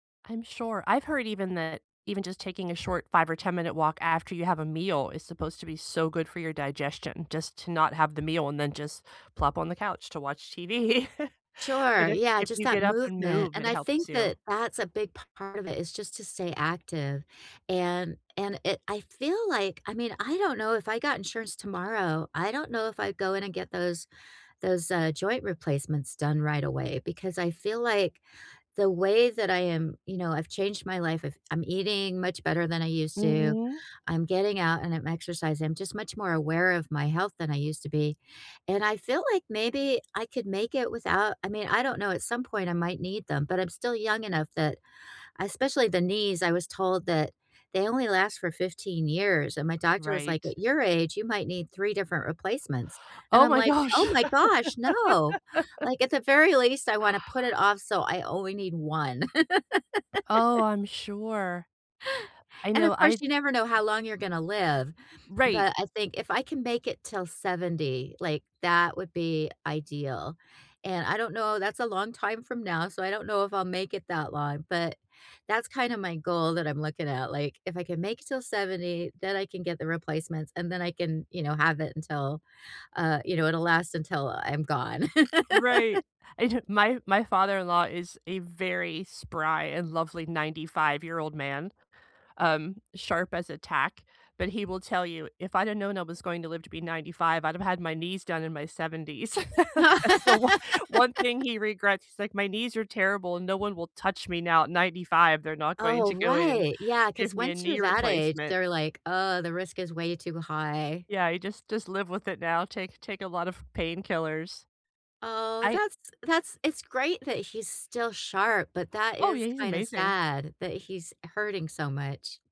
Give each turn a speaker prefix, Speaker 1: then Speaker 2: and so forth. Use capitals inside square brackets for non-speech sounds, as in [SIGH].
Speaker 1: I'm sure, I've heard even that Even just taking a short 5 or 10 minute walk after you have a meal is supposed to be so good for your digestion, just to not have the meal and then just plop on the couch to watch TV. But
Speaker 2: Sure.
Speaker 1: if
Speaker 2: Yeah,
Speaker 1: if
Speaker 2: just
Speaker 1: you
Speaker 2: that
Speaker 1: get up and
Speaker 2: movement,
Speaker 1: move,
Speaker 2: and
Speaker 1: it
Speaker 2: I think
Speaker 1: helps you.
Speaker 2: that that's a big part of it is just to stay active, and and it I feel like I mean, I don't know if I got insurance tomorrow, I don't know if I'd go in and get those those, uh, joint replacements done right away, because I feel like, the way that I am You know, I've changed my life, I've I'm eating much better than I used to,
Speaker 1: Mhm.
Speaker 2: I'm getting out, and I'm exercising. I'm just much more aware of my health than I used to be, and I feel like maybe I could make it without I mean, I don't know, at some point, I might need them, but I'm still young enough that Especially the knees, I was told that they only last for 15 years, and my doctor was like,
Speaker 1: Right.
Speaker 2: "At your age, you might need 3 different replacements." and
Speaker 1: Oh
Speaker 2: I'm
Speaker 1: my
Speaker 2: like,
Speaker 1: gosh!
Speaker 2: "Oh my gosh, no!"
Speaker 1: [LAUGHS]
Speaker 2: Like, at the very least, I wanna put it off, so I only need 1. [LAUGHS]
Speaker 1: Oh, I'm sure. I
Speaker 2: And, of
Speaker 1: know,
Speaker 2: course,
Speaker 1: I'd
Speaker 2: you never know how long you're gonna live,
Speaker 1: Right.
Speaker 2: but I think, if I can make it 'till 70, like, that would be ideal, and I don't know, that's a long time from now, so I don't know if I'll make it that long, but that's kinda my goal that I'm looking at, like, if I can make 'til 70, then I can get the replacements, and then I can, you know, have it until uh, you know, it'll last until I'm gone. [LAUGHS]
Speaker 1: Right. I don't My My father-in-law is a very spry and lovely 95 year old man, um, sharp as a tack, but he will tell you, "If I'd had known I was going to live to be 95, I'd have had my knees done in my 70s." [LAUGHS] That's the one one thing
Speaker 2: [LAUGHS]
Speaker 1: he regrets, he's like, "My knees are terrible, and no one will touch me now at 95. They're not going
Speaker 2: Oh,
Speaker 1: to go in and
Speaker 2: right. Yeah,
Speaker 1: give
Speaker 2: 'cause
Speaker 1: me a
Speaker 2: once you're
Speaker 1: knee
Speaker 2: that age,
Speaker 1: replacement."
Speaker 2: they're like, "Uh, the risk is way too high."
Speaker 1: Yeah, he just just live with it now, take take a lot of painkillers.
Speaker 2: Oh,
Speaker 1: I
Speaker 2: that's that's It's great that he's still sharp, but that
Speaker 1: Oh
Speaker 2: is
Speaker 1: yeah, he's
Speaker 2: kinda
Speaker 1: amazing.
Speaker 2: sad that he's hurting so much.